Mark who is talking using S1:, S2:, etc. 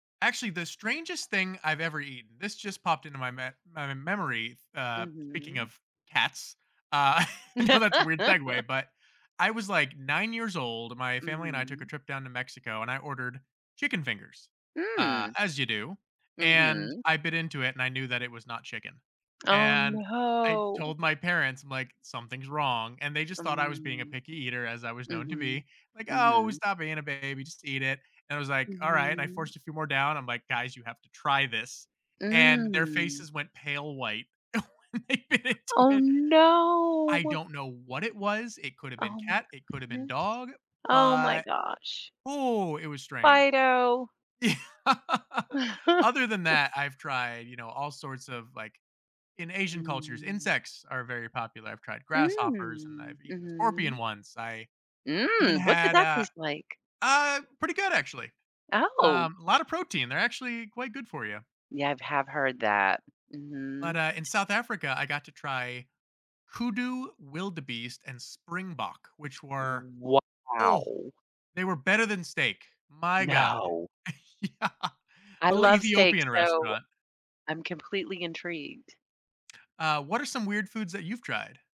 S1: Actually, the strangest thing I've ever eaten this just popped into my me my memory, uh, speaking
S2: Mhm.
S1: of cats, uh, I know that's a weird segue, but, I was, like, 9 years old, my family and I took a
S2: Mhm.
S1: trip down to Mexico, and I ordered chicken fingers, uh,
S2: Mm.
S1: as you do, and
S2: Mhm.
S1: I bit into it, and I knew that it was not chicken,
S2: Oh,
S1: and I
S2: no.
S1: told my parents, I'm like, "Something's wrong," and they just thought I was being a
S2: Mm.
S1: picky eater as I was known to
S2: Mhm,
S1: be, like, "Oh,
S2: mhm.
S1: stop being a baby, just eat it," and I was like, "Alright," and I
S2: Mhm.
S1: forced a few more down, I'm like, "Guys, you have to try this," and their
S2: Mm.
S1: faces went pale white when they bit into
S2: Oh,
S1: it. I
S2: no.
S1: don't know what it was, it could've been
S2: Oh my
S1: cat, it could've been
S2: goodness.
S1: dog,
S2: Oh my
S1: but
S2: gosh.
S1: Ooh, it was strange.
S2: Fido.
S1: Ye other than that, I've tried, you know, all sorts of, like in Asian cultures,
S2: Mm.
S1: insects are very popular, I've tried grasshoppers, and
S2: Mm,
S1: I've eaten a scorpion
S2: mhm.
S1: once. I even
S2: Mm! What did
S1: had
S2: that
S1: a
S2: taste like?
S1: Uh, pretty good, actually,
S2: Oh.
S1: um, a lotta of protein, they're actually quite good for you.
S2: Yeah, I've have heard that.
S1: But,
S2: Mhm.
S1: uh, in South Africa, I got to try hoodoo, wildebeest, and springbok, which
S2: Uh,
S1: were, oh,
S2: wow.
S1: they were better than steak, my god.
S2: No.
S1: Yeah.
S2: I
S1: The li
S2: love steak,
S1: Ethiopian
S2: so
S1: restaurant.
S2: I'm completely intrigued.
S1: Uh, what are some weird foods that you've tried?